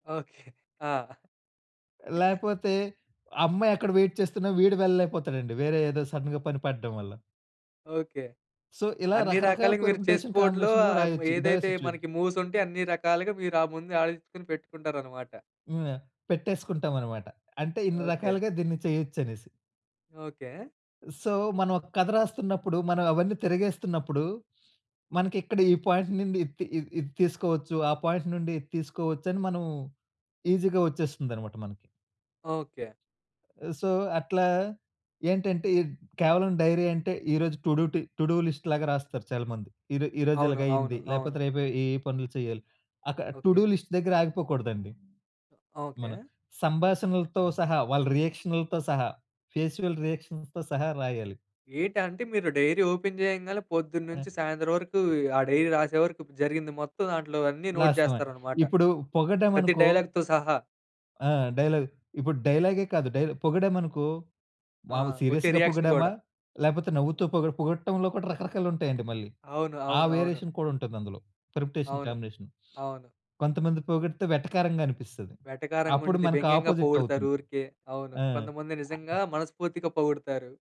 Okay. ఆ! లేకపోతే, అమ్మాయి అక్కడ వైట్ చేస్తున్నా వీడు వెళ్ళలేకపోతాడండి. వేరే ఏదో సడెన్‌గా పని పడడం వల్ల. ఓకే. సో, ఇలా అన్నీ రకరకాల రకాలుగ మీరు చెస్ పెర్ముటేషన్ బోర్డ్‌లో కాంబినేషన్‌లో ఆహ్, హ్మ్, రాయొచ్చు ఇదే ఏదైతే సిట్యుయే మనకి మూవ్సుంటయ్ అన్ని రకాలుగా మీరు ఆ ముందు ఆలోచించుకొని పెట్టుకుంటారన్నమాట. హ్మ్. పెట్టేసుకుంటాం అన్నమాట. అంటే ఇన్ని ఓకే. రకాలుగా దీన్ని చేయొచ్చనేసి. ఓకే. సో, మనం ఒక కథ రాస్తున్నప్పుడు, మనం అవన్నీ తిరగేస్తున్నప్పుడు, మనకిక్కడ ఈ పాయింట్ నుండి, ఇద్‌తి ఇద్ ఇది తీసుకోవచ్చు. ఆ పాయింట్ నుండి ఇది తీసుకోవచ్చు అని మనం, ఈజీ‌గా వచ్చేస్తుందన్నమాట మనకి. ఓకే. సో, అట్లా ఏంటంటే, ఎడ్ కేవలం డైరీ అంటే, ఈరోజు టు డు టి టు డు లిస్ట్‌లాగా రాస్తారు చాలామంది. ఈ రొ ఈ రోజు అవును. అవును. ఇలాగయ్యింది. అవును. లేకపోతే, రేపు ఏ, ఏ పనులు చేయాలి. అక్కడ టు ఓకే. డు లిస్ట్ దగ్గర ఆగిపోకూడదండి. ఓకే. మనం సంభాషణలతో సహా, వాళ్ళ రియాక్షన్లుతో సహా, ఫేసియల్ రియాక్షన్‌తో సహా రాయాలి. ఏటంటే, మీరు డైరీ ఓపెన్ చేయంగానే ఆ! పొద్దున్నుంచి, సాయంత్రం వరకు ఆ డైరీ రాసే వరకు, జరిగింది మొత్తం దాంట్లో అన్నీ నోట్ లాస్ట్ వన్. చేస్తారనమాట. ఇప్పుడు పొగడ్డం ప్రతి అనుకో డైలాగ్‌తో సహా. ఆ! డైలాగ్. ఇప్పుడు డైలాగే కాదు డైరె పొగిడామనుకో ఆ! మాములు వచ్చే సీరియస్‌గా రియాక్షన్ పొగిడామా, కూడా. లేకపోతే నవ్వుతూ పొగు పొగట్టంలో కూడా రకరకాలుంటాయండి మళ్ళీ. అవును. ఆ అవును. అవును. వేరియేషన్ కూడా ఉంటుంది అందులో. పెర్ముటేషన్ అవును. కాంబినేషన్. అవును. కొంతమంది పొగిడితే వెటకారంగా అనిపిస్తుంది. అప్పుడు వెటకారంగుండిద్ది, మనకి వ్యంగ్యంగా అపోజిట్ పొగుడుతారు అవుతుంటదీ. ఊరికే. అవును. ఆ! కొంతమంది నిజంగా అ మనస్ఫూర్తిగా పొగుడుతారు.